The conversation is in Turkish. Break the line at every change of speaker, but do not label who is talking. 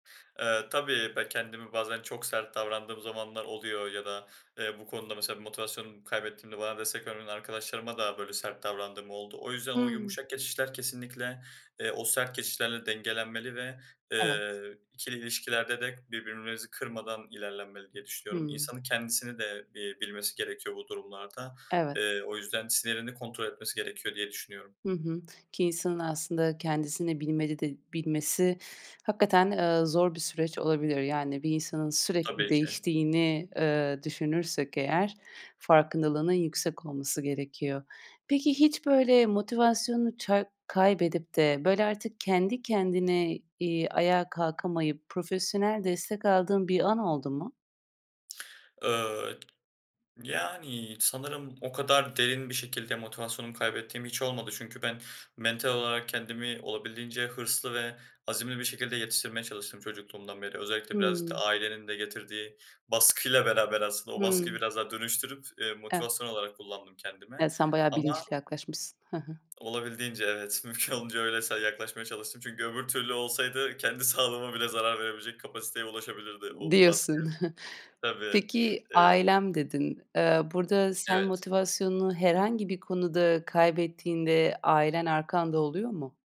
Eee, tabii ben kendimi bazen çok sert davrandığım zamanlar oluyor ya da, eee, bu konuda mesela motivasyonumu kaybettiğimde bana destek vermeyen arkadaşlarıma da böyle sert davrandığım oldu. O yüzden o
Hıı.
yumuşak geçişler kesinlikle, eee, o sert geçişlerle dengelenmeli ve,
Evet.
eee, ikili ilişkilerde de birbirimizi kırmadan ilerlenmeli diye düşünüyorum.
Hımm.
İnsanın kendisini de, eee, bilmesi gerekiyor bu durumlarda.
Evet.
Eee, o yüzden sinirini kontrol etmesi gerekiyor, diye düşünüyorum.
Hı hı. Ki insanın aslında kendisini bilmeli de bilmesi hakikaten, ııı, zor bir süreç olabilir. Yani bir insanın sürekli
Tabii ki.
değiştiğini, eee, düşünürsek eğer farkındalığının yüksek olması gerekiyor. Peki, hiç böyle motivasyonunu ça kaybedip de böyle artık kendi kendine, iii, ayağa kalkamayıp profesyonel destek aldığın bir an oldu mu?
Iıı, yani sanırım o kadar derin bir şekilde motivasyonumu kaybettiğim hiç olmadı çünkü ben mental olarak kendimi olabildiğince hırslı ve azimli bir şekilde yetiştirmeye çalıştım çocukluğumdan beri. Özellikle biraz da
Hıı.
ailenin de getirdiği baskıyla beraber aslında, o baskıyı
Hıı.
biraz daha dönüştürüp, eee,
Evet.
motivasyon olarak kullandım kendime
Ya, sen bayağı
ama
bilinçli yaklaşmışsın. Hı hı.
Olabildiğince, evet. Mümkün olduğunca öylesine yaklaşmaya çalıştım çünkü öbür türlü olsaydı kendi sağlığıma bile zarar verebilecek kapasiteye ulaşabilirdi o baskı.
Diyorsun.
Tabii.
Peki
Eee
"ailem" dedin. Eee, burada sen
Evet.
motivasyonunu herhangi bir konuda kaybettiğinde ailen arkanda oluyor mu?